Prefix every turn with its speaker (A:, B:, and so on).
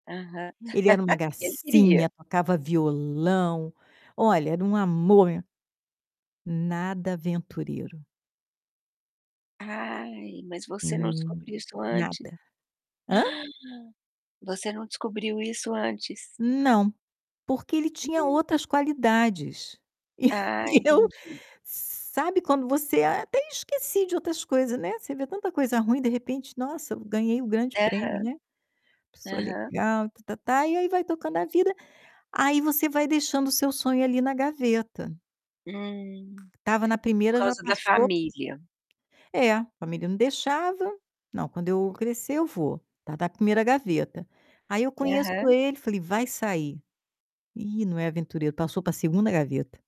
A: Aham.
B: Ele era uma
A: E ele queria?
B: gracinha, tocava violão, olha, era um amor e nada aventureiro.
A: Ai, mas você não
B: Hum,
A: descobriu isso antes?
B: nada. Hã?
A: Você não descobriu isso antes.
B: Não, porque ele tinha
A: Hum.
B: outras qualidades. E eu
A: Ah,
B: e eu
A: entendi.
B: sabe, quando você: "Até esqueci de outras coisa", né. Você vê tanta coisa ruim, de repente: "Nossa, eu ganhei o grande prêmio",
A: Aham.
B: né. Pessoa
A: Aham.
B: legal e tá tá tá, e aí vai tocando a vida. Aí você vai deixando o seu sonho ali na gaveta.
A: Hum.
B: Estava na
A: Por
B: 1º já
A: causa da
B: passou.
A: família.
B: É, família não deixava: "Não, quando eu crescer, eu vou". Ta da 1º gaveta. Aí eu conheço
A: Aham.
B: ele, falei: "Vai sair. Ih, não é aventuro", passou para 2º gaveta.